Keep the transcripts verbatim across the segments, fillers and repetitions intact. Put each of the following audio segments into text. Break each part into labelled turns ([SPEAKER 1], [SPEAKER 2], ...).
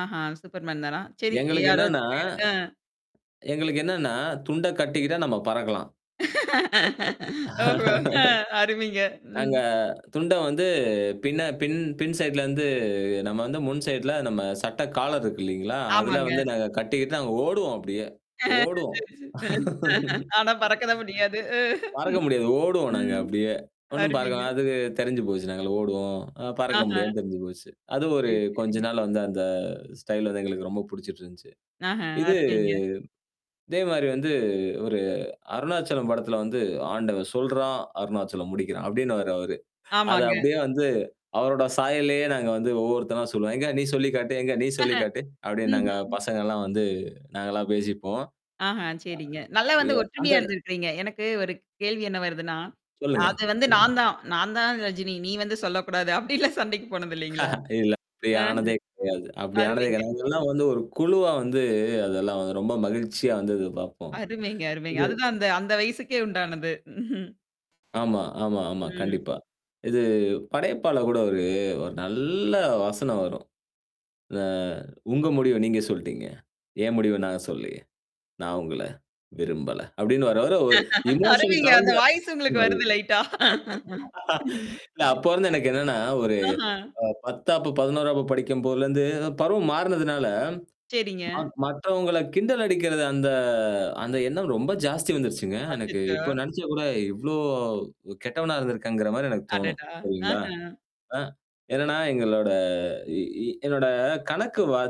[SPEAKER 1] ஆஹா! Superman தானா! சரி
[SPEAKER 2] எங்களுக்கு
[SPEAKER 1] யாராரு
[SPEAKER 2] என்னன்னா
[SPEAKER 1] போனீங்க? அ.
[SPEAKER 2] எங்களுக்கு என்னன்னா, துண்ட கட்டிக்கிட்டா நம்ம பறக்கலாம்.
[SPEAKER 1] ஓஹோ! அ அருமைங்க. ம்.
[SPEAKER 2] நாங்க துண்ட வந்து பின்ன பின் பின் சைட்லருந்து நம்ம வந்து முன் சைடல நம்ம சட்ட காலர் இருக்கு இல்லைங்களா? அதல வந்து
[SPEAKER 1] ஆமாங்க.
[SPEAKER 2] நாங்க கட்டிக்கிட்டு நாங்க ஓடுவோம் அப்பபடியே. ஓடுவோம்.
[SPEAKER 1] ஆனா பறக்கதான் முடியாது. அ.
[SPEAKER 2] பறக்க முடியாது. ஓடுவோம் நாங்க
[SPEAKER 1] ம்.
[SPEAKER 2] அப்படியே. ஒண்ணும் பார்க்க
[SPEAKER 1] அருமைங்க.
[SPEAKER 2] அதுக்கு தெரிஞ்சு போச்சு நாங்க ஓடுவோம். அ பறக்க
[SPEAKER 1] ஆஹா.
[SPEAKER 2] முடியாதுன்னு தெரிஞ்சு போச்சு. அது ஒரு
[SPEAKER 1] சரி.
[SPEAKER 2] கொஞ்ச
[SPEAKER 1] சரிங்க.
[SPEAKER 2] நாள் வந்து அந்த ஸ்டைல் வந்து எங்களுக்கு ரொம்ப புடிச்சுட்டு இருந்துச்சு.
[SPEAKER 1] ஆஹ,
[SPEAKER 2] இது
[SPEAKER 1] அருமைங்க.
[SPEAKER 2] இதே மாரி வந்து ஒரு அருணாச்சலம் படத்தில வந்து, "ஆண்டவன் சொல்றான், அருணாச்சலம் முடிக்கிறான்." அப்டினுவாரு அவரு. அத
[SPEAKER 1] ஆமாங்க.
[SPEAKER 2] அப்படியே வந்து அவரோட சாயல்லயே நாங்க வந்து ஒவ்வொருத்தராாம் சொல்லுவோம். "எங்க நீ சொல்லி காட்டு. எங்க நீ
[SPEAKER 1] ஆஹ.
[SPEAKER 2] சொல்லி காட்டு." அப்படின்னு நாங்க
[SPEAKER 1] ம்ஹ்ம்.
[SPEAKER 2] பசங்கலாம் வந்து நாங்கலாம் பேசிப்போம்.
[SPEAKER 1] ஆஹா, சரிங்க. நல்லா
[SPEAKER 2] ஆ
[SPEAKER 1] வந்து
[SPEAKER 2] ஏ அந்த
[SPEAKER 1] ஒற்றுமையா இருந்திருக்கிறீங்க. எனக்கு ஒரு கேள்வி என்ன வருதுன்னா?
[SPEAKER 2] சொல்லுங்க.
[SPEAKER 1] அது வந்து
[SPEAKER 2] சொல்லுங்க.
[SPEAKER 1] நான் தான். நான் தான் ரஜினி. நீ வந்து சொல்லக்கூடாது. அப்டிலாம் சண்டைக்கு போனது இலைங்களா?
[SPEAKER 2] இல்ல. அப்படி
[SPEAKER 1] ஆஹ்ம்.
[SPEAKER 2] ஆனதே கிடையாது. அப்படி ஆனதே கிட
[SPEAKER 1] அருமைங்க.
[SPEAKER 2] நாங்கெல்லாம் வந்து ஒரு குழுவா வந்து அதெல்லாம் வந்து ரொம்ப மகிழ்ச்சியா வந்து பார்ப்போம்.
[SPEAKER 1] அருமைங்க, அருமைங்க.
[SPEAKER 2] இது
[SPEAKER 1] அதுதான் அந்த அந்த வயசுக்கே உண்டானது.
[SPEAKER 2] ஆமா, ஆமா, ஆமா
[SPEAKER 1] ம்.
[SPEAKER 2] கண்டிப்பா. இது படையப்பால கூட ஒரு ஒரு நல்ல வசனம் வரும். அ "உங்க முடிவு நீங்க சொல்ட்டீங்க? ஏன் முடிவு நாங்க சொல்லலயே! நான் உங்கள, விரும்பல." அப்டின்னு வாரு. அவர ஒரு இமோஷன்
[SPEAKER 1] அருமைங்க. அந்த
[SPEAKER 2] கலந்து சொல்வாரு.
[SPEAKER 1] வாய்ஸ் உங்களுக்கு
[SPEAKER 2] அது.
[SPEAKER 1] வருது. லைட்டா. ம்.
[SPEAKER 2] இல்ல அப்போ வந்து எனக்கு என்னன்னா, ஒரு
[SPEAKER 1] ஆஹ.
[SPEAKER 2] அ பத்தாம் வகுப்பு, பதினொன்னாம் வகுப்பு படிக்கும் போதுலருந்து அ பருவம் மாறுனதுனால.
[SPEAKER 1] சரிங்க.
[SPEAKER 2] ம மற்றவங்கள கிண்டல் அடிக்கிறது அந்த அந்த எண்ணம் ரொம்ப ஜாஸ்தி வந்துருச்சுங்க. எனக்கு
[SPEAKER 1] அச்சச்சோ!
[SPEAKER 2] இப்போ நெனச்சா கூட இவ்ளோ கெட்டவனா இருந்திருக்கங்கிற மாரி எனக்கு தோணும்.
[SPEAKER 1] அடடா!
[SPEAKER 2] சரிங்களா?
[SPEAKER 1] ஆஹ.
[SPEAKER 2] ஆ. என்னன்னா எங்களோட இ என்னோட கணக்கு வா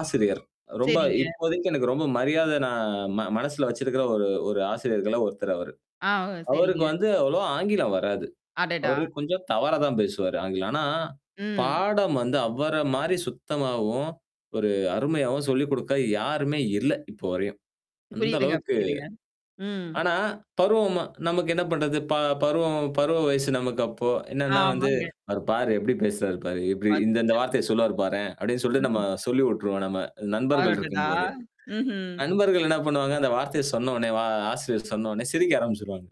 [SPEAKER 2] ஆசிரியர். ரொம்ப
[SPEAKER 1] சரிங்க.
[SPEAKER 2] இப்போதைக்கு எனக்கு ரொம்ப மரியாத நான் ம மனசுல வச்சிருக்கிற ஒரு ஒரு ஆசிரியர்கள ஒருத்தர் அவரு.
[SPEAKER 1] ஆ. ஓ!
[SPEAKER 2] அவருக்கு
[SPEAKER 1] சரிங்க.
[SPEAKER 2] வந்து அவ்வளோ ஆங்கிலம் வராது.
[SPEAKER 1] அடடா!
[SPEAKER 2] அவரு கொஞ்சம் தவறா தான் பேசுவாரு, ஆங்கிலம். ஆனா.
[SPEAKER 1] ம்.
[SPEAKER 2] பாடம் வந்து அவர மாரி சுத்தமாவும். ஒரு அருமையாவும் சொல்லிக் குடுக்க யாருமே இல்ல, இப்ப வரையும். அந்த
[SPEAKER 1] புரியுதுங்க,
[SPEAKER 2] அளவுக்கு
[SPEAKER 1] புரியுதுங்க. ம்.
[SPEAKER 2] ஆனா, பருவமா நமக்கு என்ன பண்றது? ப பருவம் பருவ வயசு நமக்கு அப்போ. என்னன்னா வந்து,
[SPEAKER 1] ஆமாங்க.
[SPEAKER 2] "அவரு பாரு எப்டி பேசுறாரு பாரு! எப்டி இந்த இந்த
[SPEAKER 1] அச்சச்சோ!
[SPEAKER 2] வார்த்தைய சொல்வாரு பார்றேன்" அப்படின்னு சொல்லிட்டு நம்ம
[SPEAKER 1] ம்.
[SPEAKER 2] சொல்லி விட்டுருவோம் நம்ம நண்பர்கள்
[SPEAKER 1] அடடா!
[SPEAKER 2] இருக்கும்போது.
[SPEAKER 1] ம்ஹ்ம்.
[SPEAKER 2] நண்பர்கள் என்ன பண்ணுவாங்க, அந்த வார்த்தைய சொன்ன உடனே வா ஆசிரியர் சொன்ன உடனே சிரிக்க ஆரம்பிச்சுருவாங்க.